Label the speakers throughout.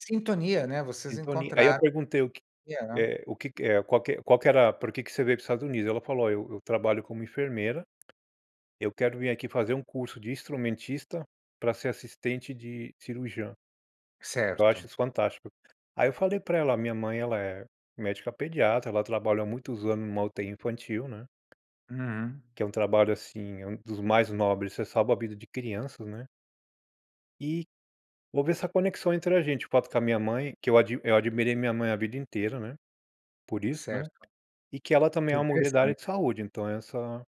Speaker 1: Sintonia, né? Vocês
Speaker 2: Entoni aí eu
Speaker 1: encontraram
Speaker 2: perguntei: "O que
Speaker 1: [unintelligible]
Speaker 2: eh, o que que, eh qual que qual que era por que que você veio para os Estados Unidos?". Ela falou: "Ó, eu eu trabalho como enfermeira, eu quero vir aqui fazer um curso de instrumentista pra ser assistente de cirurgiã". Eu acho
Speaker 1: Certo.
Speaker 2: isso fantástico. Aí eu falei pra ela: "Ó, a minha mãe ela é médica pediatra, ela trabalha há muitos anos numa UTI infantil, né?"
Speaker 1: Uhum.
Speaker 2: Que é um trabalho assim, é um dos mais nobres, você salva a vida de crianças, né. E, houve essa conexão entre a gente, o fato com a minha mãe, que eu admi eu admirei minha mãe a vida inteira, né, por isso, né.
Speaker 1: Certo.
Speaker 2: E que ela também
Speaker 1: Que
Speaker 2: é uma mulher da área de
Speaker 1: interessante.
Speaker 2: saúde, então essa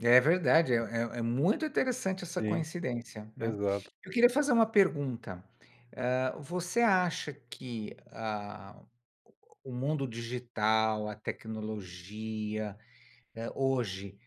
Speaker 1: É verdade, é é é muito interessante essa
Speaker 2: sim.
Speaker 1: coincidência, né.
Speaker 2: Exato.
Speaker 1: Eu queria fazer uma pergunta, eh, você acha que, ah, o o mundo digital, a tecnologia, eh, hoje,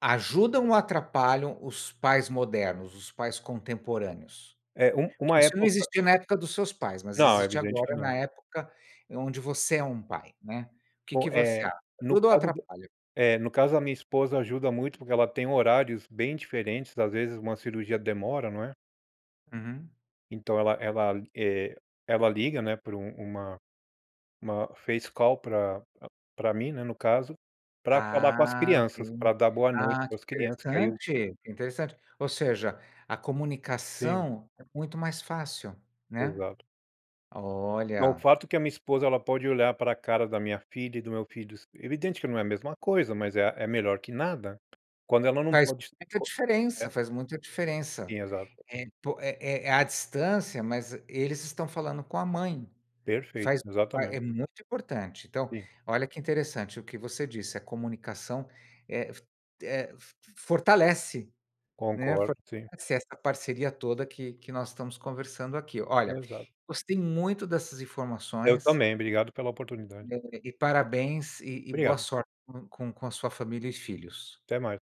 Speaker 1: ajudam ou atrapalham os pais modernos, os pais contemporâneos?
Speaker 2: É, um uma
Speaker 1: Isso
Speaker 2: época
Speaker 1: não
Speaker 2: eu fa
Speaker 1: existia na época dos seus pais, mas
Speaker 2: não, é
Speaker 1: existe
Speaker 2: evidente que
Speaker 1: agora na
Speaker 2: não.
Speaker 1: época onde você é um pai, né. Que
Speaker 2: Bom,
Speaker 1: que você
Speaker 2: eh,
Speaker 1: acha?
Speaker 2: no
Speaker 1: Ajuda ou
Speaker 2: caso do
Speaker 1: atrapalha?
Speaker 2: eh, no caso a minha esposa ajuda muito porque ela tem horários bem diferentes, às vezes uma cirurgia demora, não é.
Speaker 1: Uhum.
Speaker 2: Então ela ela, eh, ela liga, né, por um uma uma uma face call pra pra pra mim, né, no caso, pra falar com as
Speaker 1: Ah, Ok.
Speaker 2: crianças, pra dar boa noite
Speaker 1: Ah,
Speaker 2: para
Speaker 1: que
Speaker 2: as crianças, que aí eu
Speaker 1: interessante! Interessante. Ou seja, a
Speaker 2: Sim.
Speaker 1: comunicação é muito mais fácil. Né.
Speaker 2: Exato. Então o
Speaker 1: Olha.
Speaker 2: fato que a minha esposa ela pode olhar pra cara da minha filha e do meu filhos evidente que não é a mesma coisa, mas é a é melhor que nada. Quando ela não
Speaker 1: Faz
Speaker 2: pode [unintelligible]
Speaker 1: muita
Speaker 2: co
Speaker 1: diferença,
Speaker 2: eh
Speaker 1: faz muita diferença.
Speaker 2: sim, exato.
Speaker 1: Eh, po é é à distância, mas eles estão falando com a mãe.
Speaker 2: Perfeito,
Speaker 1: Faz fa
Speaker 2: exatamente.
Speaker 1: é muito importante. Então,
Speaker 2: Sim.
Speaker 1: olha que interessante o que você disse: "A comunicação eh, f eh, f f fortalece, né,
Speaker 2: Concordo, sim.
Speaker 1: fortalece essa parceria toda que que nós estamos conversando aqui". Olha,
Speaker 2: Exato.
Speaker 1: gostei muito dessas
Speaker 2: Eu
Speaker 1: informações
Speaker 2: também, obrigado pela oportunidade.
Speaker 1: adorei e parabéns e e boa
Speaker 2: Obrigado.
Speaker 1: sorte com com com a sua família e filhos.
Speaker 2: Até mais.